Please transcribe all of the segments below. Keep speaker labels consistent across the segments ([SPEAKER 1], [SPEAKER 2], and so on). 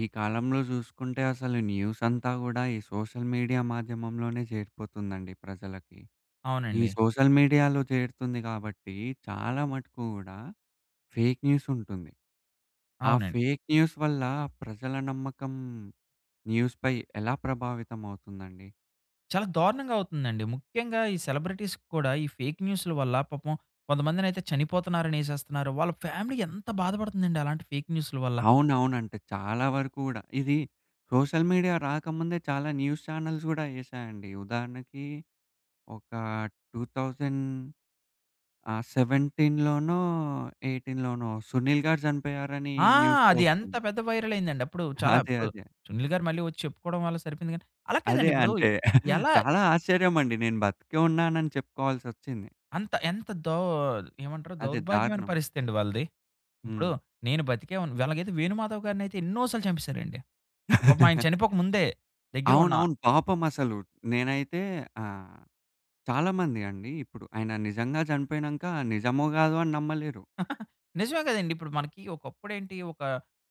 [SPEAKER 1] ఈ కాలంలో జూసుకుంటే అసలు న్యూసంతా గూడా ఈ సోషల్ మీడియా మాధ్యమంలోనే చేరిపోతుందండి ప్రజలకి. ఈ
[SPEAKER 2] అవునండి.
[SPEAKER 1] సోషల్ మీడియాలో చేరుతుంది గాబట్టి చాలా మటుకు గూడా, ఫేకు న్యూసుంటుంది. ఆ
[SPEAKER 2] అవునం
[SPEAKER 1] ఫేక్ న్యూస్ వల్ల ప్రజల నమ్మకం, న్యూస్ పై ఎలా ప్రభావితం అవుతుందండి?
[SPEAKER 2] చాలా దారుణంగా అవుతుందండి. ముఖ్యంగా ఈ సెలబ్రిటీస్‌ కూడా ఈ ఫేకు న్యూసుల వల్ల పాపం కొంతమందినైతే చనిపోతున్నారని ఏసేస్తున్నన్నారు. వాళ్ళ ఫ్యామిలీ ఎంత బాధపడుతుందండి అలాంటి ఫేక్ న్యూసుల వల్ల.
[SPEAKER 1] అవునవునంటే, చాలా వరకు గూడా. ఇది, సోషల్ మీడియా రాకముందే చాలా న్యూస్ ఛానెల్స్ గూడా ఏశాయండి. ఉదాహరణకి ఒక 2000 ఆహ్, 17, 18 'సునీల్' గారు చనిపోయారని
[SPEAKER 2] ఆ!
[SPEAKER 1] న్యూస్‌లో
[SPEAKER 2] అది ఏంత
[SPEAKER 1] ఒచ్చింది.
[SPEAKER 2] పెద్ద వైరల్ అయిందండి. అప్పుడు చాలా
[SPEAKER 1] అదే.
[SPEAKER 2] ఇప్పుడు
[SPEAKER 1] అదే.
[SPEAKER 2] 'సునీల్' గారు మళ్ళీ వచ్చి చెప్పుకోవడం వల్ల సరిపోయింది గానీ, అలా
[SPEAKER 1] అదే
[SPEAKER 2] కాదండీ! ఇప్పుడు
[SPEAKER 1] అంటే,
[SPEAKER 2] ఎలా
[SPEAKER 1] చాలా ఆశ్చర్యమండి. నేను బతికే ఉన్నానని చెప్పుకోవాల్సొచ్చింది.
[SPEAKER 2] అంత ఎంత దో ఏమంటారు
[SPEAKER 1] అదే.
[SPEAKER 2] దౌర్భాగ్యమైన
[SPEAKER 1] దారుణం.
[SPEAKER 2] పరిస్థితి అండి వాళ్ళది. హ్మ్. ఇప్పుడు
[SPEAKER 1] హ్మ్.
[SPEAKER 2] నేను బతికేవు ఎలాగైతే 'వేణుమాధవ్' గారినైతే ఎన్నో సార్లు చంపెసారండి. పాపం ఆయన చనిపోక ముందే. దెగ్గర ఉన్న
[SPEAKER 1] అవునవును. పాపం అసలు నేనైతే ఆహ్, చాలామంది అండి. ఇప్పుడు ఆయన నిజంగా చనిపోయినంక నిజమో కాదో అని నమ్మలేరు.
[SPEAKER 2] నిజమే కదండీ. ఇప్పుడు మనకి ఒకప్పుడేంటి, ఒక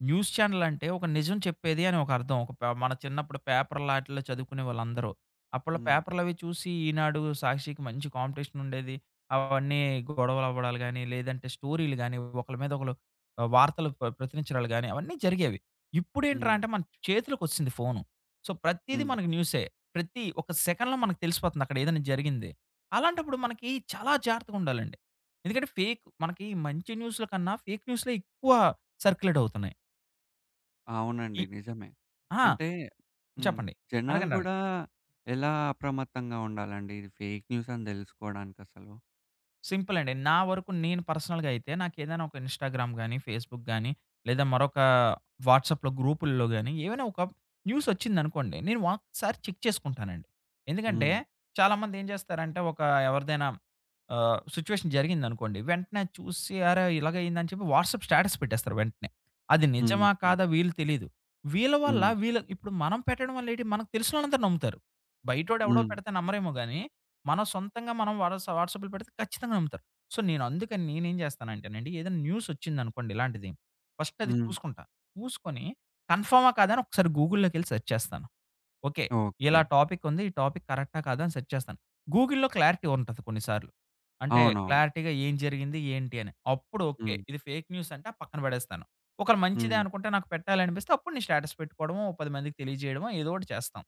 [SPEAKER 2] న్యూసు ఛానెలంటే ఒక నిజం చెప్పేది అని ఒక అర్థం. ఒక ప మన చిన్నప్పుడు పేపర్ లాటిల్లో చదువుకునేవాళ్ళందరూ. అప్పట్లో
[SPEAKER 1] హ్మ్.
[SPEAKER 2] పేపర్లవి చూసి ఈనాడు, సాక్షికి మంచి కాంపిటీషనుండేది. అవన్నీ గొడవలు అవ్వడాలు గాని, లేదంటే స్టోరీలు గాని ఒకళ్ళ మీద ఒకళ్ళు, ఆహ్, వార్తలు ప్ర ప్రచరించడాలు గాని అవన్నీ జరిగేవి. ఇప్పుడ ఏంట్రా
[SPEAKER 1] హ్మ్.
[SPEAKER 2] అంటే, మన చేతిలోకొచ్చేసింది ఫోను. సో, ప్రతీది
[SPEAKER 1] హ్మ్.
[SPEAKER 2] మనకు న్యూసే. ప్రతి ఒక సెకండ్‌లో మనకు తెలిసిపోతుంది. అక్కడ ఏదైనా జరిగింది. అలాంటప్పుడు మనకి చాలా జాగ్రత్తగుండాలండి. ఎందుకంటే ఫేక్ మనకి మంచి న్యూసుల కన్నా ఫేకు న్యూస్‌లే ఎక్కువ సర్క్యులేట్ అవుతున్నాయి.
[SPEAKER 1] అవునండి.
[SPEAKER 2] ఇ
[SPEAKER 1] నిజమే.
[SPEAKER 2] ఆ!
[SPEAKER 1] అంటే హ్మ్.
[SPEAKER 2] చెప్పండి. అడగండి. అడగండి.
[SPEAKER 1] జనాలుగూడా ఎలా అప్రమత్తంగా ఉండాలండి? ఫేక్ న్యూసని దెలుసుకోవడానికసలు?
[SPEAKER 2] సింపులండి. నా వరకు నేను పర్సనల్‌గా అయితే నాకేదైన ఒక ఇన్‌స్టాగ్రామ్ గాని, ఫేస్‌బుక్ గాని, లేదా మరొక వాట్సాప్‌లో గ్రూపుల్లో గాని, ఏవైనా ఒక న్యూసోచ్చిందనుకోండి. నేను ఒక్కసారి చెక్ చేసుకుంటానండి. ఎందుకంటే
[SPEAKER 1] హ్మ్.
[SPEAKER 2] చాలామంది ఏం జేస్తారంటే, ఒక ఎవరిదైనా ఆహ్, సిట్యుయేషన్ జరిగిందనుకోండి. వెంటనే చూసి, అరే! ఇలాగయిందా అని చెప్పి, వాట్సాప్ స్టేటస్ పెట్టేస్తారు వెంటనే. అది
[SPEAKER 1] హ్మ్.
[SPEAKER 2] నిజమా,
[SPEAKER 1] హ్మ్.
[SPEAKER 2] కాదా వీళ్ళు తెలీదు. వీళ్ళ వల్ల
[SPEAKER 1] హ్మ్.
[SPEAKER 2] వీళ్ళ ఇప్పుడు మనం పెట్టడం వల్ల ఏటి, మనకు తెలిసినోళ్ళందరు నమ్ముతారు. బయటోడేవడో
[SPEAKER 1] హ్మ్.
[SPEAKER 2] పెడితే నమ్మరేమో గాని, మనం సొంతంగా మనం వాట వాట్సప్‌‌లో పెడితే ఖచ్చితంగా నమ్ముతారు. సో, నేను అందుకని నేనేం జేస్తానంటేనండి. ఏదైనా న్యూసోచ్చిందనుకోండి ఇలాంటిది. ఫస్ట్ అది
[SPEAKER 1] హ్మ్.
[SPEAKER 2] చూసుకుంటా. చూసుకొని కన్‌ఫార్మా? కాదని, ఒకసారి గూగుల్‌లోకెళ్ళి సెర్చ్ చేస్తాను. ఓకే. ఇలా
[SPEAKER 1] ఓకే.
[SPEAKER 2] టాపికుంది. ఈ టాపిక్ కరక్టా కాదా అని సెర్చ్ చేస్తాను. గూగుల్‌లో క్లారిటీ ఉంటది కొన్నిసార్లు. అంటే
[SPEAKER 1] అవునవును.
[SPEAKER 2] క్లారిటీగా ఏం జరిగింది? ఏంటి అని, అప్పుడు ఓకే.
[SPEAKER 1] హ్మ్.
[SPEAKER 2] ఇది ఫేక్ న్యూసంటే ఆ పక్కన బడేస్తాను. ఒకళ్ళ మంచిదే
[SPEAKER 1] హ్మ్.
[SPEAKER 2] అనుకుంటే నాకు పెట్టాలనిపిస్తే, అప్పుడు నేను స్టేటస్ పెట్టుకోవడమో. ఒక 10 మందికి తెలియజేయడవో, ఏదోకటి చేస్తాం.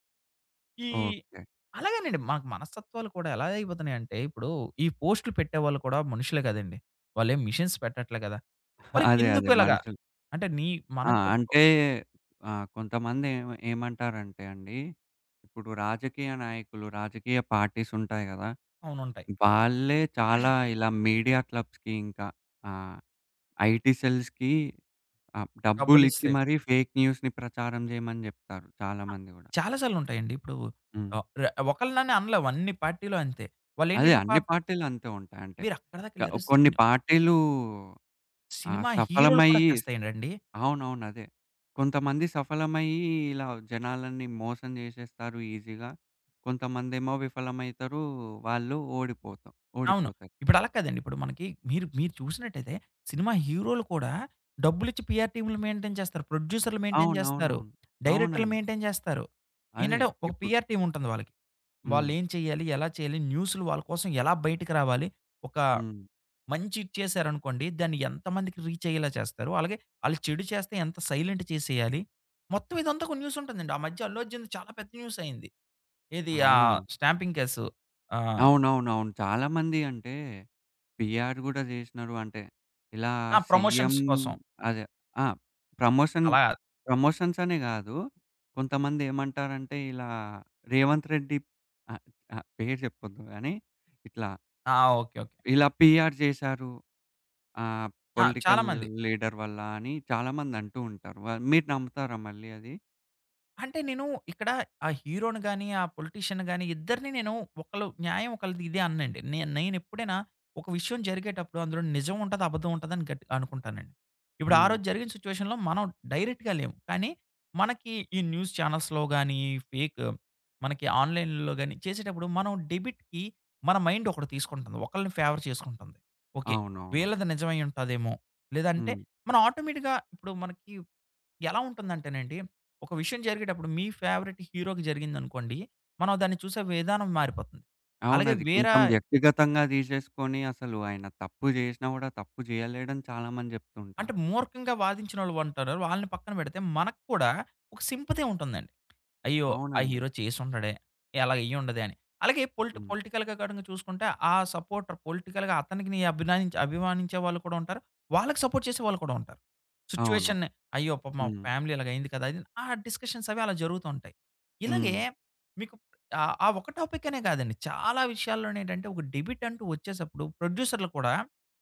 [SPEAKER 2] ఇ
[SPEAKER 1] ఓకే.
[SPEAKER 2] అలాగేనండి. మనకు మనస్తత్వాలు కూడా, ఎలా అయిపోతున్నాయంటే ఇప్పుడు, ఈ పోస్ట్‌లు పెట్టేవాళ్ళు కూడా మనుషులే గదండి. వాళ్ళేం మిషెన్స్ పెట్టట్లే గదా! మరి
[SPEAKER 1] అదే. అదే.
[SPEAKER 2] ఇందుకిలాగా.
[SPEAKER 1] మనుషులు.
[SPEAKER 2] అంటే నీ
[SPEAKER 1] ఆ!
[SPEAKER 2] మనకు ఓ
[SPEAKER 1] అంటే ఆ! కొంతమంది ఏమ ఏమంటారంటే అండి? ఇప్పుడు రాజకీయ నాయకులు, రాజకీయ పార్టీసుంటాయి గదా!
[SPEAKER 2] అవునుంటాయి.
[SPEAKER 1] వాళ్ళే చాలా ఇలా మీడియా క్లబ్స్‌కి ఇంకా ఆ! ఐటీసెల్స్‌కి ఆ డబ్బులిచ్చి
[SPEAKER 2] డబ్బులిస్తయి.
[SPEAKER 1] మరి ఫేక్ న్యూస్‌ని ప్రచారం జేయమని జేప్తారు. చాలా
[SPEAKER 2] ఆ!
[SPEAKER 1] మంది గూడా.
[SPEAKER 2] చాలా సార్లు ఉంటాయండి. ఇప్పుడు,
[SPEAKER 1] హ్మ్.
[SPEAKER 2] ఆ ర ఒకళ్ళనని అనలేవు. అన్ని పార్టీలో అంతే. వాళ్ళు
[SPEAKER 1] అదే
[SPEAKER 2] ఏంటంటే ఒక
[SPEAKER 1] అన్ని పార్టీలంతే ఉంటాయంటే,
[SPEAKER 2] మీరు అక్కడి
[SPEAKER 1] క
[SPEAKER 2] దాకెళ్లారు
[SPEAKER 1] కొన్ని
[SPEAKER 2] సిను
[SPEAKER 1] పార్టీలూ ఆహ్,
[SPEAKER 2] సినిమా హీరోలు కూడా
[SPEAKER 1] సఫలమయ్యి
[SPEAKER 2] చేస్తాయడండి.
[SPEAKER 1] అవునవును. అదే! కొంతమంది సఫలమయ్యి ఇలా, జనాలన్నీ మోసం జేసేస్తారు ఈజీగా? కొంతమందేమో విఫలమైతరు. వాళ్ళు ఓడిపోతాం
[SPEAKER 2] అవును.
[SPEAKER 1] ఓడిపోతారు.
[SPEAKER 2] ఇప్పుడు
[SPEAKER 1] ఆ!
[SPEAKER 2] అలా కాదండి. ఇప్పుడు మనకి, మీరు మీరు చూసినట్టయితే సినిమా హీరోలు కూడా డబ్బులిచ్చి, పీఆర్‌టీమ్‌లు మెయింటైన్ జేస్తారు. ప్రొడ్యూసరులు మెయింటైన్ జేస్తారు.
[SPEAKER 1] అవునవునవును.
[SPEAKER 2] డైరెక్టరులు
[SPEAKER 1] అవునండి.
[SPEAKER 2] మెయింటైన్ జేస్తారు.
[SPEAKER 1] అదే!
[SPEAKER 2] ఏంటంటే ఒక
[SPEAKER 1] ఇప్పుడు.
[SPEAKER 2] పీఆర్ టీముంటుంది వాళ్ళకి. వాళ్ళు
[SPEAKER 1] హ్మ్.
[SPEAKER 2] ఏం చేయాలి? ఎలా చేయాలి? న్యూసులు వాళ్ళ కోసం ఎలా బయటకి రావాలి? ఒక
[SPEAKER 1] హ్మ్.
[SPEAKER 2] మంచి ఇచ్చేసారనుకోండి. దాన్ని ఎంతమందికి రీచయ్యేలా చేస్తారు? అలాగే ఆళ్లు చెడు చేస్తే, ఎంత సైలెంట్ చేసేయాలి? మొత్తం ఇదంతా ఒక న్యూసుంటుందండి. ఆ మధ్య అల్లుఅర్జున్‌ది చాలా పెద్ద న్యూసయింది. ఏది ఆ!
[SPEAKER 1] అవునా!
[SPEAKER 2] Stamping case. ఆ!
[SPEAKER 1] అవునవునవును. చాలామంది అంటే, పిఆర్ గూడా చేషినారు అంటే. ఇలా
[SPEAKER 2] ఆ!
[SPEAKER 1] సీఎం
[SPEAKER 2] ప్రమోషన్స్ కోసం.
[SPEAKER 1] అదే! ఆ! ప్రమోషన్
[SPEAKER 2] అలా
[SPEAKER 1] ప్రమోషన్స్ అనే గాదు. కొంతమంది ఏమంటారంటే ఇలా, 'రేవంత్ రెడ్డి' ఆ! ఆ! పేరు జేప్పొద్దు గాని. ఇట్లా
[SPEAKER 2] ఆ! ఓకే. ఓకే.
[SPEAKER 1] ఇలా పీఆర్ జేశారు. ఆహ్,
[SPEAKER 2] ఆ!
[SPEAKER 1] పొలిటికల్
[SPEAKER 2] చాలామంది.
[SPEAKER 1] లీడర్ వల్లా అని, చాలామంది అంటూ ఉంటారు. వా మీరు నమ్ముతారా మళ్ళీ అది?
[SPEAKER 2] అంటే, నేను ఇక్కడ ఆ హీరోని గాని, ఆ పొలిటీషియన్‌ని గాని ఇద్దరిని నేను ఒకళ్ళ న్యాయం ఒకళ్ళది ఇదే అననండి. నే నేనెప్పుడైనా ఒక విషయం జరిగేటప్పుడు అందులో నిజం ఉంటది, అబద్ధం ఉంటది అని గట్ అనుకుంటానండి. ఇప్పుడు ఆ
[SPEAKER 1] హ్మ్.
[SPEAKER 2] రోజు జరిగిన సిచ్యువేషన్‌లో మనం డైరెక్ట్‌గా లేము. కానీ, మనకి ఈ న్యూస్ ఛానెల్స్‌లో గాని, ఫేక్, మనకి ఆన్‌లైన్‌లో గాని చేసేటప్పుడు మనం డెబిట్‌కి మన మైండ్ ఒకటి తీసుకుంటుంది. ఒకళ్ళని ఫేవర్ చేసుకుంటుంది. ఓకే!
[SPEAKER 1] అవునవును.
[SPEAKER 2] వీళ్ళది నిజమై ఉంటదేమో? లేదంటే
[SPEAKER 1] హ్మ్.
[SPEAKER 2] మన ఆటోమేటిక్‌గా ఇప్పుడు మనకి ఎలా ఉంటుందంటేనండి? ఒక విషయం జరిగేటప్పుడు మీ ఫేవరెట్ హీరోకి జరిగిందనుకోండి, మనం దాన్ని చూసే విధానం మారిపోతుంది. అలాగే
[SPEAKER 1] అవునది. కొంచం
[SPEAKER 2] వేరాయ్
[SPEAKER 1] వ్యక్తిగతంగా తీశేసుకొని అసలు ఆయన తప్పు జేసినా గూడా తప్పు చేయలేడని చాలామంది జెప్తూ ఉంటారు.
[SPEAKER 2] అంటే, మూర్ఖంగా వాదించినోళ్ళు ఉంటారు. వాళ్ళని పక్కన పెడితే, మనకు కూడా ఒక సింపతి ఉంటుందండి. అయ్యో! ఆ
[SPEAKER 1] అవునండి.
[SPEAKER 2] హీరో చేసుండడే! ఇలాగ అయ్యిుండదే అని. అలాగే పొలిటి
[SPEAKER 1] హ్మ్.
[SPEAKER 2] పొలిటికల్‌గా కాడంగా చూసుకుంటే, ఆ సపోర్టర్ పొలిటికల్‌గా అతనికిని అభినాయించి అభిమానించే వాళ్ళు కూడా ఉంటారు. వాళ్ళకి సపోర్ట్ చేసేవాాళ్ళు కూడా ఉంటారు.
[SPEAKER 1] అవును.
[SPEAKER 2] సిచ్యువేషన్‌ని "అయ్యో! పాపం ఆ
[SPEAKER 1] హ్మ్.
[SPEAKER 2] ఫ్యామిలీ ఇలాగ అయింది కదా!" అది ఆ డిస్కషన్స్ అవి అలా జరుగుతూ ఉంటాయి. ఇలాగే,
[SPEAKER 1] హ్మ్.
[SPEAKER 2] మీకు ఆహ్, ఆ ఒక్ టాపిక్ అనే కాదండి. చాలా విషయాల్లోనేంటంటే ఒక డెబిట్ అంటూ వచ్చేసప్పుడు ప్రొడ్యూసర్లు కూడా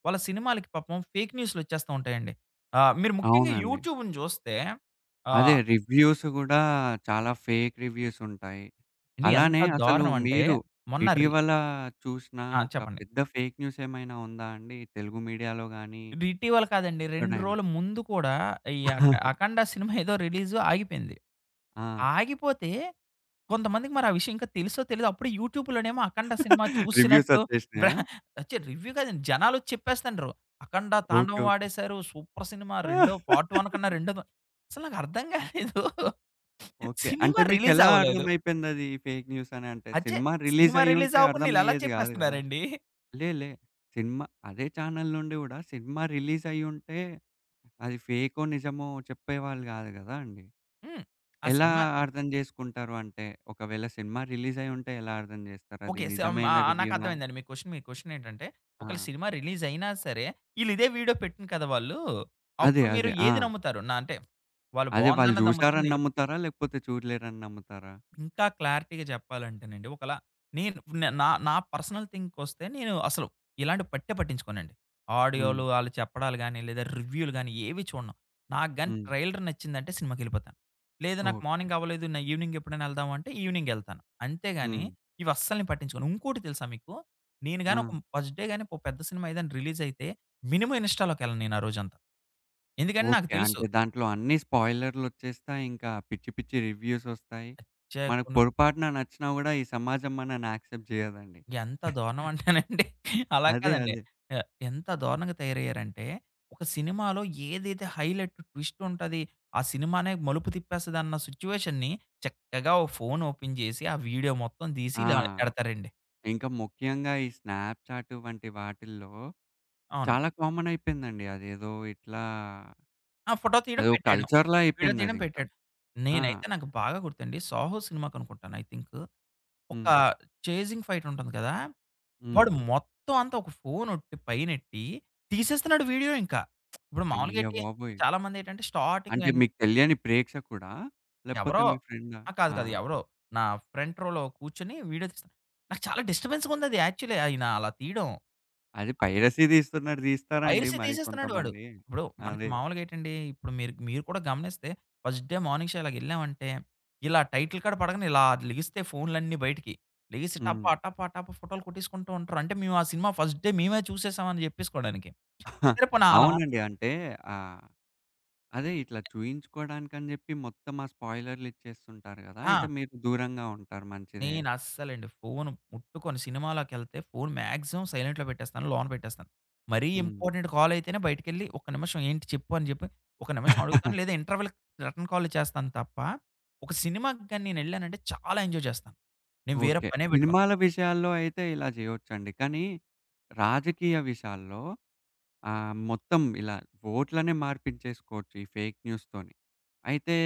[SPEAKER 2] వాళ్ళ సినిమాలకి పాపం ఫేక్ న్యూసులు వచ్చేస్తూ ఉంటాయండి. ఆ! మీరు ముఖ్యంగా
[SPEAKER 1] అవునండి.
[SPEAKER 2] యూట్యూబ్‌ని జూస్తే, ఆ
[SPEAKER 1] అదే రివ్యూస్ గూడా చాలా ఫేక్ రివ్యూస్ ఉంటాయి.
[SPEAKER 2] ఏవండీ ఎంత
[SPEAKER 1] అలానే అసలు
[SPEAKER 2] దారుణమంటే,
[SPEAKER 1] మీరు,
[SPEAKER 2] మొన్న రి
[SPEAKER 1] ఇటీవలా చూసిన
[SPEAKER 2] ఆ!
[SPEAKER 1] ఒక
[SPEAKER 2] చెప్పండి.
[SPEAKER 1] పెద్ద ఫేక్ న్యూస్ ఏమైనా ఉందా అండి తెలుగు మీడియాలో గానీ...
[SPEAKER 2] ఇది ఇటివల కాదండి. 2
[SPEAKER 1] …ఎక్కడైనా?
[SPEAKER 2] రోజుల ముందు కూడా ఈ అక 'అఖండ' సినిమా ఏదో రిలీజు ఆగిపోయింది.
[SPEAKER 1] ఆ!
[SPEAKER 2] ఆగిపోతే, కొంతమందికి మరి ఆ విషయం ఇంకా తెలిసో తెలిదో అప్పుడే యూట్యూబ్‌లోనేమో 'అఖండ' సినిమా
[SPEAKER 1] రివ్యూస్
[SPEAKER 2] చూసినట్లు
[SPEAKER 1] వచ్చేషినయా?
[SPEAKER 2] బహే వచ్చాయి. రివ్యూ కాదండి, జనాలొచ్చి చెప్పేస్తుండ్రు. 'అఖండ'
[SPEAKER 1] ఓకే.
[SPEAKER 2] తాండవం
[SPEAKER 1] ఓకే.
[SPEAKER 2] ఆడేశారు. సూపర్ సినిమా రెండో పార్ట్ 1 కన్నా రెండో అసలు నాకర్థం కాలేదు.
[SPEAKER 1] ఓకే.
[SPEAKER 2] సినిమా
[SPEAKER 1] అంటే,
[SPEAKER 2] రిలీజ్
[SPEAKER 1] మీకెలా
[SPEAKER 2] అవ్వలేదు
[SPEAKER 1] అర్థమైపోయిందది ఫేక్ న్యూస్ అని? అంటే
[SPEAKER 2] అచ్చే.
[SPEAKER 1] సినిమా రిలీజ్
[SPEAKER 2] సినిమా రిలీజ్
[SPEAKER 1] అయ్యుంటే
[SPEAKER 2] అవ్వకుండా ఈళ్ళు ఎలా
[SPEAKER 1] అర్థమయ్యేది గాదు గదా!
[SPEAKER 2] చెప్పేస్తున్నారండి?
[SPEAKER 1] లే, లే. సినిమా అదే ఛానెల్ నుండి గూడా సినిమా రిలీజ్ అయ్యుంటే, అది ఫేకో నిజమో చెప్పేవాళ్ళు గాదు గదా అండీ!
[SPEAKER 2] హ్మ్. ఆ
[SPEAKER 1] ఎలా
[SPEAKER 2] సినిమా
[SPEAKER 1] అర్థం జేసుకుంటారు అంటే ఒకవేళ సినిమా రిలీజ్ అయ్యి ఉంటే ఎలా అర్థం జేస్తారు? అది
[SPEAKER 2] ఓకే. సమ్
[SPEAKER 1] నిజమైన
[SPEAKER 2] ఆహ్, ఆహ్,
[SPEAKER 1] రివ్యూనా?
[SPEAKER 2] నాకర్థమైందండి, మీ క్వెషన్ మీ క్వెషన్ ఏంటంటే ఒకవేళ
[SPEAKER 1] ఆ!
[SPEAKER 2] సినిమా రిలీజ్ అయినా సరే ఈళ్ళు ఇదే వీడియో పెట్టిన్రు కదా వాళ్ళు,
[SPEAKER 1] అదే,
[SPEAKER 2] అప్పుడు మీరు
[SPEAKER 1] అదే.
[SPEAKER 2] ఏది
[SPEAKER 1] ఆ!
[SPEAKER 2] నమ్ముతారు? నా అంటే, వాళ్ళు
[SPEAKER 1] అదే వాళ్ళు
[SPEAKER 2] బాగుందన్నది నమ్ముతార?
[SPEAKER 1] జూశారని
[SPEAKER 2] నెగటివ్
[SPEAKER 1] నమ్ముతారా? లేకపోతే చూడలేదని నమ్ముతారా?
[SPEAKER 2] ఇంకా క్లారిటీగా జెప్పాలంటేనండి, ఒకలా నేను న నా నా పర్సనల్ థింక్‌‌కొస్తే నేను అసలు ఇలాంటివి పట్టే పట్టించుకోనండి. ఆడియోలు
[SPEAKER 1] హ్మ్.
[SPEAKER 2] వాళ్ళు చెప్పడాలు గాని, లేదా రివ్యూలు గాని ఏవి చూడను? నాకుగాని
[SPEAKER 1] హ్మ్.
[SPEAKER 2] ట్రైలర్ నచ్చిందంటే సినిమాకెళ్ళిపోతా. లేదు నాకు
[SPEAKER 1] ఓకే.
[SPEAKER 2] మార్నింగ్ అవ్వలేదు నా ఈవినింగ్ ఎప్పుడైనా వెళ్దామా అంటే ఈవినింగ్ ఎళ్తాను. అంతేగాని,
[SPEAKER 1] హ్మ్.
[SPEAKER 2] ఇవి అస్సలు నేను పట్టించుకోను. ఇంకోటి తెలుసా మీకు? నేనుగాని ఒక
[SPEAKER 1] ఆ!
[SPEAKER 2] ఫస్ట్ డే గాని ఒక పెద్ద సినిమా ఏదైనా రిలీజ్ అయితే మినిమం ఇన్‌స్టాలోకి వెళ్ళను నేను ఆ రోజంతా. ఎందుకంటే నాకు
[SPEAKER 1] ఓకే.
[SPEAKER 2] తెలుసు.
[SPEAKER 1] అంటే దాంట్లో అన్ని స్పాయిలర్‌లొచ్చేస్తాయి. ఇంకా పిచ్చి పిచ్చి రివ్యూస్ ఒస్తాయి. మనకు
[SPEAKER 2] అచ్చాయకును
[SPEAKER 1] పొరపాటున నచ్చినా గూడా ఈ సమాజం మనని యాక్సెప్ట్ జేయదండి.
[SPEAKER 2] ఎంత దారుణం అంటేనండి? అలా
[SPEAKER 1] అదే,
[SPEAKER 2] కాదండి.
[SPEAKER 1] అదే.
[SPEAKER 2] ఎ ఎంత దారుణంగా తయారయ్యారంటే, ఒక సినిమాలో ఏదైతే హైలైట్ ట్విస్ట్ ఉంటది, ఆ సినిమానే మలుపు తిప్పేస్తదన్న సిచ్యువేషన్‌ని, చక్కగా ఒక ఫోన్ ఓపెన్ జేసి ఆ వీడియో మొత్తం తీసి
[SPEAKER 1] ఆ!
[SPEAKER 2] ఇలా ఎడతారండి.
[SPEAKER 1] ఇంకా ముఖ్యంగా ఈ స్నాప్‌చాట్ వంటి వాటిల్లో,
[SPEAKER 2] అవునండి.
[SPEAKER 1] చాలా కామన్ అయిపోయిందండి. అదేదో ఇట్లా...
[SPEAKER 2] ఆ! ఫోటో తీయడం
[SPEAKER 1] అదో
[SPEAKER 2] పెట్టేయడం.
[SPEAKER 1] కల్చర్‌లా
[SPEAKER 2] విడియో
[SPEAKER 1] అయిపోయింది
[SPEAKER 2] తీయడం
[SPEAKER 1] అదింకా.
[SPEAKER 2] పెట్టేయడం.
[SPEAKER 1] ఆ!
[SPEAKER 2] నేనైతే నాకు బాగా గుర్తండి, 'సాహో' సినిమాకనుకుంటాను ఐ థింక్. ఒక
[SPEAKER 1] హ్మ్.
[SPEAKER 2] చేజింగ్ ఫైట్ ఉంటుంది కదా! వాడు
[SPEAKER 1] హ్మ్.
[SPEAKER 2] మొత్తం అంతా ఒక ఫోనోట్టి పైనొట్టి, తీసేస్తున్నాడు వీడియో ఇంకా. ఇప్పుడు మామూలుగా
[SPEAKER 1] అయ్య
[SPEAKER 2] ఏటి?
[SPEAKER 1] బాబోయ్!
[SPEAKER 2] చాలామంది ఏటంటే స్టార్టింగ్
[SPEAKER 1] అంటే
[SPEAKER 2] అం
[SPEAKER 1] మీకు తెలియని ప్రేక్షకుడా? లేకపోతే
[SPEAKER 2] ఎవరో.
[SPEAKER 1] మీ ఫ్రెండా?
[SPEAKER 2] ఆ! కాదు.
[SPEAKER 1] ఆ!
[SPEAKER 2] కాదు. ఎవరో. నా ఫ్రంట్ రోలో కూర్చొని వీడియో తీస్తున్నాడు. నాకు చాలా డిస్టర్బెన్స్‌గా ఉందది యాక్చువల్లి ఆయన అలా తీయడం.
[SPEAKER 1] అది
[SPEAKER 2] ఆ!
[SPEAKER 1] పైరసీ తీస్తున్నట్టు తీస్తారండి
[SPEAKER 2] పైరసీ
[SPEAKER 1] మరి
[SPEAKER 2] తీసేస్తున్నాడు వాడు.
[SPEAKER 1] కొంతమంది.
[SPEAKER 2] ఇప్పుడు మనకి
[SPEAKER 1] అదే.
[SPEAKER 2] మామూలుగా ఏటండి? ఇప్పుడు మీరు మీరు కూడా గమనిస్తే ఫస్ట్ డే మార్నింగ్‌ షో అలాగ ఎళ్ళామంటే ఇలా టైటిల్ కార్డ్ పడగానే ఇలా లేగిస్తయి ఫోనులన్నీ బయటికి. లేసి టప
[SPEAKER 1] హ్మ్.
[SPEAKER 2] టప టప ఫోటోలు కోట్టసుకుంటూ ఉంటారు. అంటే మేము ఆ సినిమా ఫస్ట్ డే మేమే చూసేసామ అని జెప్పేసుకోవడానికి. సరేపోని అలా
[SPEAKER 1] అవునండి. అంటే ఆహ్, అదే ఇట్లా చూయించుకోడానికని జెప్పి మొత్తం ఆ స్పాయిలరులు ఇచ్చేస్తుంటారు గదా! అయితే
[SPEAKER 2] ఆ!
[SPEAKER 1] మీరు దూరంగా ఉంటారు మంచిదే.
[SPEAKER 2] నేను అస్సలండి ఫోన్ ముట్టుకొను. సినిమాలకెళ్తే ఫోన్ మాక్సిమమ్ సైలెంట్‌లో పెట్టేస్తాను. లోన పెట్టేస్తాను. మరీ
[SPEAKER 1] హ్మ్.
[SPEAKER 2] ఇంపార్టెంట్ కాల్ అయితేనే బయటికెళ్ళి ఒక నిమిషం ఏంటి చెప్పు అని జెప్పి, ఒక నిమిషం అడుగుతాను. లేదా ఇంటర్వెల్‌కి రిటర్న్ కాల్ చేస్తాను తప్ప ఒక సినిమాకి గాని నేను వెళ్ళానంటే చాలా ఎంజాయ్ చేస్తా. నేను వేరే
[SPEAKER 1] ఓకే.
[SPEAKER 2] పనే పెట్టుకోను.
[SPEAKER 1] సినిమాల విషయాల్లో అయితే ఇలా జేయొచ్చండి. కానీ రాజకీయ విషయాల్లో, ఆహ్, మొత్తం ఇలా ఓట్లనే మార్పిచ్చేసుకోవచ్చు ఈ ఫేక్ న్యూస్‌తోనీ. అయితే,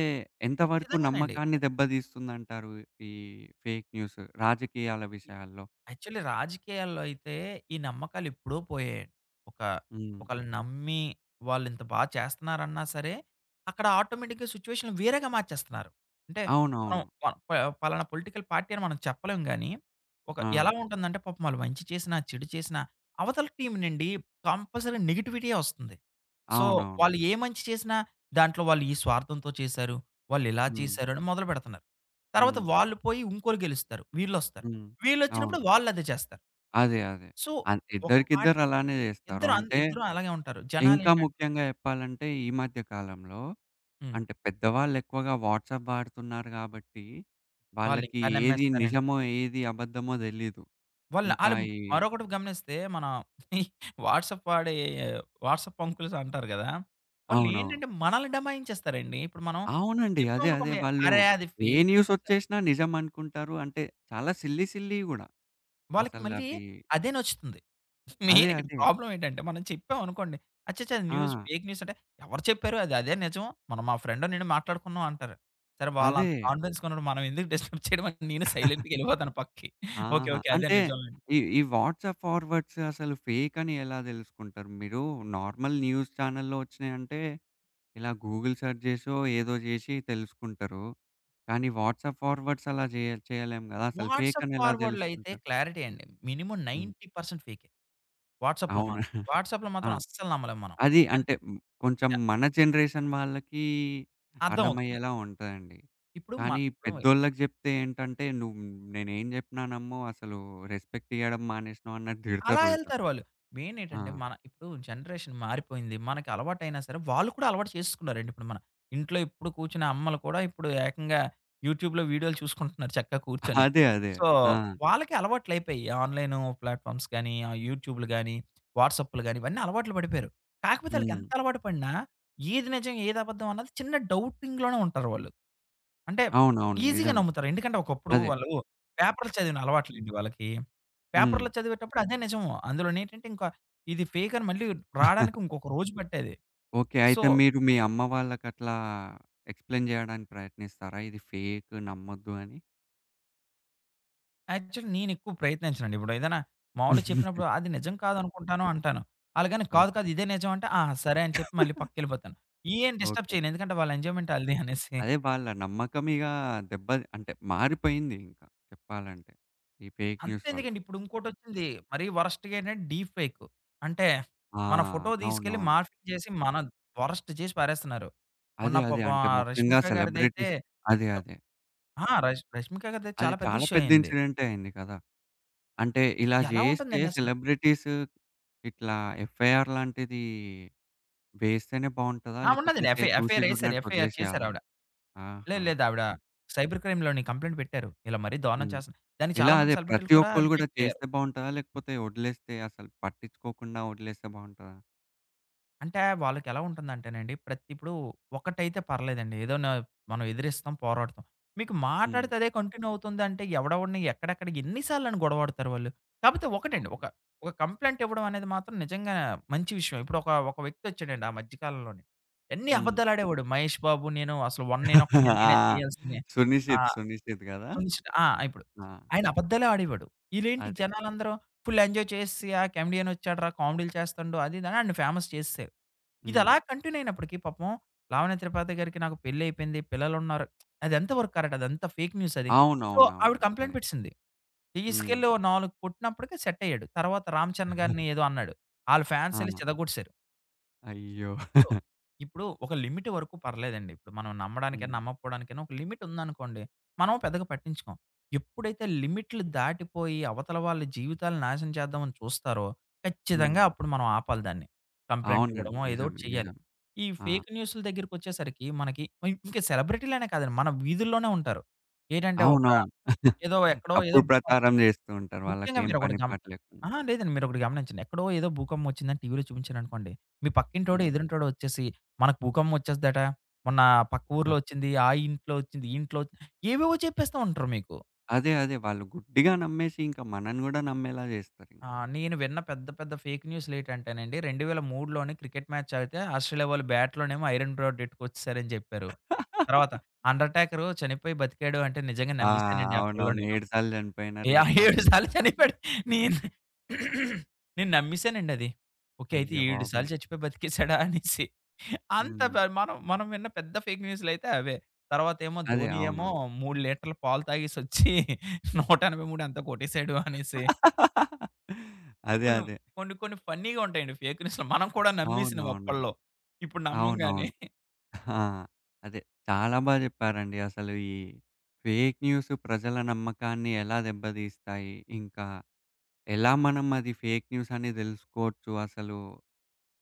[SPEAKER 1] ఎంతవరకు
[SPEAKER 2] ఖచ్చితంగానండి.
[SPEAKER 1] నమ్మకాన్ని దెబ్బ తీస్తుందంటారు ఈ ఫేక్ న్యూస్ రాజకీయాల విషయాల్లో?
[SPEAKER 2] యాక్చువల్లీ రాజకీయాల్లో అయితే ఈ నమ్మకాలు ఎప్పుడో పోయాయండి. ఒకా
[SPEAKER 1] హ్మ్.
[SPEAKER 2] ఒకళ్ళను నమ్మి వాళ్ళింత బాగ చేస్తున్నారన్నా సరే, అక్కడ ఆటోమేటిక్‌గా సిచ్యువేషనులు వేరేగా మార్చేస్తున్నారు. అంటే, మనం
[SPEAKER 1] అవునవును.
[SPEAKER 2] మన ప పయే పలానా పొలిటికల్ పార్టీ అని మనం చెప్పలేం గానీ, ఒక
[SPEAKER 1] ఆ!
[SPEAKER 2] ఎలా ఉంటుందంటే పాపం వాళ్ళు మంచి చేసినా, చెడు చేసినా, అవతల టీమ్ నుండి కంపల్సరీ నెగెటివిటీయే వస్తుంది. సో
[SPEAKER 1] అవునవును.
[SPEAKER 2] వాళ్ళు ఏ మంచి చేసినా, దాంట్లో వాళ్ళు ఈ స్వార్థంతో చేశారు, వాళ్ళు ఇలా
[SPEAKER 1] హ్మ్.
[SPEAKER 2] చేశారు అని మొదలుపెడుతున్నారు. తర్వాత
[SPEAKER 1] హ్మ్.
[SPEAKER 2] వాళ్ళు పోయి ఇంకోళ్ళు గెలుస్తారు. వీళ్ళొస్తారు.
[SPEAKER 1] హ్మ్.
[SPEAKER 2] వీళ్ళు ఒచ్చినప్పుడు
[SPEAKER 1] అవును.
[SPEAKER 2] వాళ్ళదే చేస్తారు.
[SPEAKER 1] అదే, అదే.
[SPEAKER 2] సో
[SPEAKER 1] అన్
[SPEAKER 2] ఒక పార్టి
[SPEAKER 1] ఇద్దరికిద్దరు అలానే జేస్తారు.
[SPEAKER 2] ఇద్దరు అంద
[SPEAKER 1] అంటే,
[SPEAKER 2] ఇద్దరు అలాగే ఉంటారు. జనాలు
[SPEAKER 1] ఇంకా
[SPEAKER 2] ఏంటంటే
[SPEAKER 1] ముఖ్యంగా జెప్పాలంటే ఈ మధ్య కాలంలో,
[SPEAKER 2] హ్మ్.
[SPEAKER 1] అంటే పెద్దవాళ్ళు ఎక్కువగా వాట్సాప్ వాడుతున్నారు గాబట్టి,
[SPEAKER 2] వాళ్ళు
[SPEAKER 1] వాళ్ళకి
[SPEAKER 2] ఇంకా
[SPEAKER 1] ఏది
[SPEAKER 2] నమ్మేస్తారండి.
[SPEAKER 1] నిజమో ఏది అబద్ధమో దెలీదు.
[SPEAKER 2] వాళ్ళు
[SPEAKER 1] ఇంకా
[SPEAKER 2] ఆళ్ళు
[SPEAKER 1] ఈ
[SPEAKER 2] మరొకటి గమనిస్తే మన వాట్సాప్ వాడే వాట్సాప్ అంకుల్స్ అంటారు కదా!
[SPEAKER 1] అవునవును.
[SPEAKER 2] వాళ్ళేంటంటే మనల్ని దబాయించేస్తారండి. ఇప్పుడు మనం ఇది
[SPEAKER 1] అవునండి. అదే అదే
[SPEAKER 2] చెప్పామనుకోండి.
[SPEAKER 1] వాళ్ళు.
[SPEAKER 2] అరే! అది
[SPEAKER 1] ఏ
[SPEAKER 2] ఫేక్ న్యూసా
[SPEAKER 1] న్యూసొచ్చేషినా నిజం అనుకుంటారు అంటే, చాలా సిల్లీ సిల్లీవి గూడా.
[SPEAKER 2] వాళ్ళకి మళ్ళీ
[SPEAKER 1] అసలవి
[SPEAKER 2] అదే నచ్చుతుంది.
[SPEAKER 1] అదే
[SPEAKER 2] మెయిన్ ఇక్కడ
[SPEAKER 1] అదే.
[SPEAKER 2] ప్రాబ్లమ్ ఏంటంటే మనం చెప్పాం అనుకోండి. అచ్చచ్చ! అది న్యూస్
[SPEAKER 1] ఆ!
[SPEAKER 2] ఫేక్ న్యూస్ అంటే "ఎవరు చెప్పారు? అది అదే నిజం. మొన్న మా ఫ్రెండ్ నేను మాట్లాడుకున్నాం" అంటారు. సరే
[SPEAKER 1] అదే.
[SPEAKER 2] వాళ్ళంత కాన్ఫిడెన్స్‌గా ఉన్నప్పుడు మనం ఎందుకు డిస్టర్బ్ చేయడమని నేనే సైలెంట్‌గా వెళ్ళిపోతాను పక్కకి. ఓకే.
[SPEAKER 1] ఆహా!
[SPEAKER 2] ఓకే. అదే
[SPEAKER 1] అంటే,
[SPEAKER 2] నిజంలేండి.
[SPEAKER 1] ఈ ఈ వాట్సాప్ ఫార్వర్డ్స్ అసలు ఫేక్ అని ఎలా తెలుసుకుంటారు? మీరు నార్మల్ న్యూస్ ఛానెల్లో వచ్చినయంటే, ఇలా గూగుల్ సెర్చ్ జేసో ఏదో జేషి తెలుసుకుంటారు. కానీ వాట్సాప్ ఫార్వర్డ్స్ అలా జేయ చేయలేం గదా! అసలు ఫేక్
[SPEAKER 2] వాట్సాప్
[SPEAKER 1] అని ఎలా
[SPEAKER 2] ఫార్వర్డ్‌లో అయితే
[SPEAKER 1] తెలుసుకుంటారు?
[SPEAKER 2] క్లారిటీ అండి మినిమమ్
[SPEAKER 1] హ్మ్.
[SPEAKER 2] 90% ఫేకే. వాట్సాప్‌లో
[SPEAKER 1] అవును.
[SPEAKER 2] మాత్రం వాట్సాప్‌లో
[SPEAKER 1] ఆ!
[SPEAKER 2] మాత్రం అస్సలు నమ్మలేం మనం. ఒక
[SPEAKER 1] అది అంటే హ్మ్, కొంచం
[SPEAKER 2] [unintelligible]
[SPEAKER 1] మన జనరేషన్ వాళ్ళకీ
[SPEAKER 2] అర్థమవుతుంది.
[SPEAKER 1] అర్థమయ్యేలా ఉంటదండి.
[SPEAKER 2] ఇప్పుడు మ
[SPEAKER 1] కాని ఈ
[SPEAKER 2] దోయ్
[SPEAKER 1] పెద్దోళ్ళకి జెప్తే ఏంటంటే "నువ్వు నేనేం జేప్పినా నమ్మవు అసలు రెస్పెక్ట్ ఇయ్యడం మానేసినవు" అన్నట్టు
[SPEAKER 2] అలా
[SPEAKER 1] తిడతరు ఉల్టా.
[SPEAKER 2] ఎళ్తారు వాళ్ళు. మెయిన్
[SPEAKER 1] ఆ!
[SPEAKER 2] ఏంటంటే మన ఇప్పుడు జనరేషన్ మారిపోయింది. మనకి అలవాటైనా సరే! వాళ్ళు కూడా అలవాటు చేసకున్నారండి. ఇప్పుడు మన, ఇంట్లో ఎప్పుడు కూర్చునే అమ్మలు కూడా ఇప్పుడు ఏకంగా యూట్యూబ్‌లో వీడియోలు చూసుకుంటున్నారు చక్కగా
[SPEAKER 1] ఆహ్,
[SPEAKER 2] కూర్చొని.
[SPEAKER 1] అదే, అదే.
[SPEAKER 2] సో
[SPEAKER 1] ఆ!
[SPEAKER 2] వాళ్ళకి అలవాట్లు అయిపోయాయి. ఆన్‌లైను ప్లాట్‌ఫామ్స్ గాని, ఆ యూట్యూబులు గాని, వాట్సాప్పులు గాని ఇవన్నీ అలవాట్లు పడిపోయారు. కాకపోతే
[SPEAKER 1] హ్మ్.
[SPEAKER 2] ఆళ్ళకెంత అలవాటు పడినా ఏది నిజం, ఏది అబద్ధం అన్నది చిన్న డౌటింగ్‌లోనే ఉంటారు వాళ్ళు. అంటే
[SPEAKER 1] అవునవును.
[SPEAKER 2] ఈజీగా
[SPEAKER 1] నిజమే.
[SPEAKER 2] నమ్ముతారు. ఎందుకంటే ఒకప్పుడు
[SPEAKER 1] అదే.
[SPEAKER 2] వాళ్ళు పేపర్‌లు చదివిన అలవాటులెండి వాళ్ళకి.
[SPEAKER 1] హ్మ్.
[SPEAKER 2] పేపర్‌లో చదివేటప్పుడు అదే నిజము. అందులోనే ఏంటంటే ఇంకా, ఇది ఫేక్ అని మళ్ళీ రావడానికి ఇంకొక రోజు పట్టేది.
[SPEAKER 1] ఓకే.
[SPEAKER 2] సో
[SPEAKER 1] అయితే మీరు మీ అమ్మ వాళ్ళకట్లా ఎక్స్‌ప్లెయిన్ జేయడానికి ప్రయత్నిస్తారా? ఇది ఫేక్ నమ్మొద్దు అని?
[SPEAKER 2] యాక్చువల్లీ నేనెక్కువ ప్రయత్నించనండి. ఇప్పుడు ఏదైనా మామూలు చెప్పినప్పుడు అది నిజం కాదు అనుకుంటాను అంటాను. కాదు కాదు.
[SPEAKER 1] ఓకే.
[SPEAKER 2] ఇదే నిజం అంటే. ఆ! సరే అని చెప్పి మళ్ళీ పక్కకెళ్ళిపోతాను. ఏం డిస్టర్బ్
[SPEAKER 1] ఓకే.
[SPEAKER 2] చేయను. ఎందుకంటే వాళ్ళ ఎంజాయ్మెంటాళ్ళది అనేసి.
[SPEAKER 1] అదే వాళ్ళ నమ్మకం ఇగ దెబ్బ అంటే, మారిపోయింది. ఇంకా చెప్పాలంటే. ఈ ఫేక్ న్యూస్ వల్ల.
[SPEAKER 2] అంతెందుకండి. ఇప్పుడు ఇంకోటిచ్చింది. మరీ వరస్ట్‌గా ఏంటంటే, డీఫేక్కు. అంటే.
[SPEAKER 1] ఆ!
[SPEAKER 2] మన ఫోటో తీసుకెళ్ళి
[SPEAKER 1] అవునవును.
[SPEAKER 2] మార్ఫింగ్ చేసి. మనద్ వరెస్ట్ చేసి పారేస్తున్నారు. మొన్న
[SPEAKER 1] అదే, అదే
[SPEAKER 2] పాపం
[SPEAKER 1] అంటే,
[SPEAKER 2] ఆ
[SPEAKER 1] ముఖ్యంగా
[SPEAKER 2] 'రష్మిక' గారిదైతే.
[SPEAKER 1] సెలబ్రిటీస్ అదే
[SPEAKER 2] ఎంత
[SPEAKER 1] అదే.
[SPEAKER 2] ఆ! రష్ 'రష్మిక 'గరిదైతే
[SPEAKER 1] అది
[SPEAKER 2] చాలా పెద్ద
[SPEAKER 1] చాలా
[SPEAKER 2] ఇష్యూ
[SPEAKER 1] పెద్ద
[SPEAKER 2] అయ్యింది.
[SPEAKER 1] ఇన్సిడెంటే అయింది కదా! అంటే, ఇలా
[SPEAKER 2] ఎలా
[SPEAKER 1] చేస్తే
[SPEAKER 2] ఉంటుందండసలు
[SPEAKER 1] సెలబ్రిటీస్ ఇట్లా ఎఫ్ఐఆర్ లాంటిది వేస్తేనే బావుంటదా?
[SPEAKER 2] ఆ! ఉండదండి.
[SPEAKER 1] లేకపోతే
[SPEAKER 2] ఎఫ్ఐ
[SPEAKER 1] చూసి
[SPEAKER 2] ఎఫ్ఐఆరేసారు.
[SPEAKER 1] చూడినట్టు
[SPEAKER 2] ఎఫ్ఐఆర్
[SPEAKER 1] వదిలేసేయాలా?
[SPEAKER 2] చేశారావిడ. లేదు,
[SPEAKER 1] ఆహా!
[SPEAKER 2] లేదు ఆవిడ సైబర్ క్రైమ్ లొని కంప్లయింట్ పెట్టారు. ఇలా మరీ దరురణం
[SPEAKER 1] హ్మ్.
[SPEAKER 2] చేస్త. దానికి
[SPEAKER 1] ఇలా అదే
[SPEAKER 2] చాలామంది సెలబ్రిటీలు
[SPEAKER 1] ప్రతి
[SPEAKER 2] కూడా
[SPEAKER 1] ఒక్కళ్ళు కూడా
[SPEAKER 2] రియాక్టయ్యారు.
[SPEAKER 1] చేస్తే బాగుంటదా? లేకపోతే వదిలేస్తే అసలు పట్టించుకోకుండా వదిలేస్తే బాగుంటదా?
[SPEAKER 2] అంటే, వాళ్ళకి ఎలా ఉంటుందంటేనండి. ప్రత్ ఇప్పుడు ఒకటైతే పర్లేదండి. ఏదో న మనం ఎదిరిస్తాం పోరాడతాం. మీకు
[SPEAKER 1] హ్మ్.
[SPEAKER 2] మాట్లాడితే అదే కంటిన్యూ అవుతుందంటే, ఎవడవడిని ఎక్కడెక్కడ ఎన్ని సార్లుని గొడవాడతారు వాళ్ళు. కాకపోతే ఒకటండి.
[SPEAKER 1] అవును.
[SPEAKER 2] ఒక, ఒక కంప్లయింటివ్వడం అనేది మాత్రం నిజంగా మంచి విషయం. ఇప్పుడు ఒక "ఒక వ్యక్తొచ్చాడండి" ఆ మధ్య కాలంలోనే. ఎన్ని
[SPEAKER 1] హ్మ్.
[SPEAKER 2] అబద్ధాలుడేవాడు, మహేష్ బాబు నేను అసలు '1 నేనొక్కడినే' నేనే
[SPEAKER 1] ఆ!
[SPEAKER 2] తీయాలసిందే. ఆ!
[SPEAKER 1] 'సున్నిషిద్ సున్నిషిద్' కదా!
[SPEAKER 2] చంచ్ ఆ! ఇప్పుడు.
[SPEAKER 1] ఆ!
[SPEAKER 2] "ఆయన అబద్ధలే ఆడేవాడు". ఇలేేంటి
[SPEAKER 1] అదే.
[SPEAKER 2] జనాలందరూ ఫుల్ ఎంజాయ్ చేస్‌సి, ఆ కెమెడియనొచ్చాడురా, కామెడీలు చేస్తండు. అది, ఇది అని ఆడ్ని ఫేమస్ చేసేసారు. ఇదిలా
[SPEAKER 1] హ్మ్.
[SPEAKER 2] కంటిన్యూ అయినప్పటికి పాపం. "లావణ త్రిపాతి గారికి నాకు పెళ్లి అయిపోయింది". పిల్లలున్నారు, అదెంత వరకు కరెక్ట్. అది అంత ఫేక్ న్యూసది. సో, "ఆవిడ
[SPEAKER 1] అవునవునవును.
[SPEAKER 2] Complaint
[SPEAKER 1] correct.
[SPEAKER 2] పెట్టేసింది".
[SPEAKER 1] హ్మ్.
[SPEAKER 2] తీసుకెళ్ళి ఓ నాలుగు కొట్టినప్పటికే సెట్టయ్యాడు. తర్వాత 'రామ చరణ్' గారిని ఏదో అన్నాడు. ఆళ్ళు ఫ్యాన్సెళ్లి
[SPEAKER 1] ఆ!
[SPEAKER 2] చితకొట్టేశారు.
[SPEAKER 1] అయ్యో!
[SPEAKER 2] సో. ఇప్పుడు ఒక లిమిట్ వరకు పర్లేదండి. ఇప్పుడు మనం నమ్మడానికేనా
[SPEAKER 1] హ్మ్.
[SPEAKER 2] నమ్మకపోవడానికేనా. ఒక లిమిట్ ఉందనుకోండి మనము పెద్దగా పట్టించుకోం. ఎప్పుడైతే లిమిట్లు దాటిపోయి అవతల వాళ్ళ జీవితాలు నాశనం చేద్దామని చూస్తారో. ఖచ్చితంగా
[SPEAKER 1] హ్మ్.
[SPEAKER 2] అప్పుడు మనం ఆపాలి దాన్ని. కంప్లయింట్
[SPEAKER 1] అవునండి.
[SPEAKER 2] ఇవ్వడమొ. ఏదో ఒకటి
[SPEAKER 1] నిజమే.
[SPEAKER 2] చేయ్యాలి.
[SPEAKER 1] నిజం.
[SPEAKER 2] ఈ
[SPEAKER 1] ఆ!
[SPEAKER 2] ఫేక్ న్యూస్‌ల దగ్గరకొచ్చేసరికి. మనకి ఇ ఇంక సెలబ్రిటీలనే కాదండి. మన వీధుల్లోనే ఉంటారు. ఏటంటే ఒక
[SPEAKER 1] అవునవును.
[SPEAKER 2] ఏదో ఎక్కడో ఏదో
[SPEAKER 1] తప్పుడు
[SPEAKER 2] బుఖంపం.
[SPEAKER 1] ప్రచారం జేస్తూ ఉంటారు.
[SPEAKER 2] ముఖ్యంగా
[SPEAKER 1] వాళ్ళకేం
[SPEAKER 2] మీరొకటి
[SPEAKER 1] పని
[SPEAKER 2] గమ
[SPEAKER 1] పాట
[SPEAKER 2] ఆ
[SPEAKER 1] లేకుండా.
[SPEAKER 2] లేదండి. మీరు ఒకటి గమనించండి. ఎక్కడో ఏదో భూకంపం వచ్చిందని టీవీలో చూపించారనుకోండి. మీ పక్కింటోడ
[SPEAKER 1] హ్మ్.
[SPEAKER 2] ఎదురింటోడ వచ్చేసి 'మనకు భూకంపం వచెస్తాదట. మొన్న పక్క
[SPEAKER 1] ఆ!
[SPEAKER 2] ఊర్లో వచ్చింది, ఆ ఇంట్లో వచ్చింది. ఈ ఇంట్లో వచ్చింది' ఏవేవో చెప్పేస్తా ఉంటరు మీకు.
[SPEAKER 1] అదే. అదే. వాళ్ళు గుడ్డిగా నమ్మేసి ఇంక మనని కూడా నమ్మేలా జస్తారింక.
[SPEAKER 2] ఆ! నేను విన్న పెద్ద పెద్ద ఫేక్ న్యూస్‌లేటంటేనండి. 2003 లోని క్రికెట్ మ్యాచ్ ఆగితే ఆస్ట్రేలియా వాళ్ళు బ్యాట్లోనేమో ఐరెన్ రోడ్ ఎట్టుకోచ్చేసారని చెప్పారు. తర్వాత అండర్టాకర్ చనిపోయి బతికాడు అంటే నిజంగా
[SPEAKER 1] ఆ!
[SPEAKER 2] నమ్మసానండి అప్పడలో
[SPEAKER 1] అవునవును.
[SPEAKER 2] నేను.
[SPEAKER 1] 7 సార్లు చనిపోయినారు. 7
[SPEAKER 2] యాహ్!
[SPEAKER 1] సార్లు
[SPEAKER 2] 7 సార్లు
[SPEAKER 1] లేచున్నారు అని
[SPEAKER 2] చనిపోయాడు.
[SPEAKER 1] చెప్పేసి.
[SPEAKER 2] నేను నేను నమ్మసానండి అది. ఓకే అయితే 7
[SPEAKER 1] అయ్యబాబోయ్!
[SPEAKER 2] సార్లు చచ్చిపోయి బతికేసాడా అనేసి. అంత
[SPEAKER 1] హ్మ్.
[SPEAKER 2] మనం మనం విన్న పెద్ద ఫేక్ న్యూస్‌లయితే అవే. తర్వాతేమో
[SPEAKER 1] అదే
[SPEAKER 2] ధోని ఏమో
[SPEAKER 1] అవునవును.
[SPEAKER 2] 3 లీటర్లు పాలు తాగేసోచ్చి. 183 ఎంతో కొట్టసాడు అనేసి.
[SPEAKER 1] అదే
[SPEAKER 2] కొన్ని
[SPEAKER 1] అదే.
[SPEAKER 2] కొన్ని కొన్ని ఫన్నీగా ఉంటాయండి. ఫేక న్యూస్‌లు మనం కూడా నమ్మేసినవి
[SPEAKER 1] అవునవునండి.
[SPEAKER 2] అప్పల్లో. ఇప్పుడు నమ్మంగాని.
[SPEAKER 1] అవునవును. ఆ! అదే చాలా బా జెప్పారండి. అసలు. ఈ ఫేక్ న్యూస్ ప్రజల నమ్మకాన్ని ఎలా దెబ్బతీస్తాయి? ఇంకా ఎలా మనం అది ఫేక్ న్యూస్ అనే తెలుసుకోవచ్చు అసలు.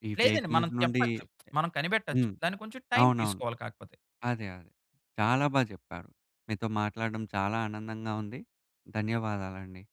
[SPEAKER 1] ఈ ఫేక్
[SPEAKER 2] లేదండి. మనం
[SPEAKER 1] న్యూస్ నుండి
[SPEAKER 2] చెప్పొచ్చు. మనం కనిపెట్టొచ్చు.
[SPEAKER 1] హ్మ్.
[SPEAKER 2] దాన్ని కొంచెం టైం
[SPEAKER 1] అవునవును.
[SPEAKER 2] తీసుకోవాలి కాకపోతే.
[SPEAKER 1] అదే అదే. చాలా బా చెప్పారు. మీతో మాట్లాడడం చాలా ఆనందంగా ఉంది. ధన్యవాదాలండి.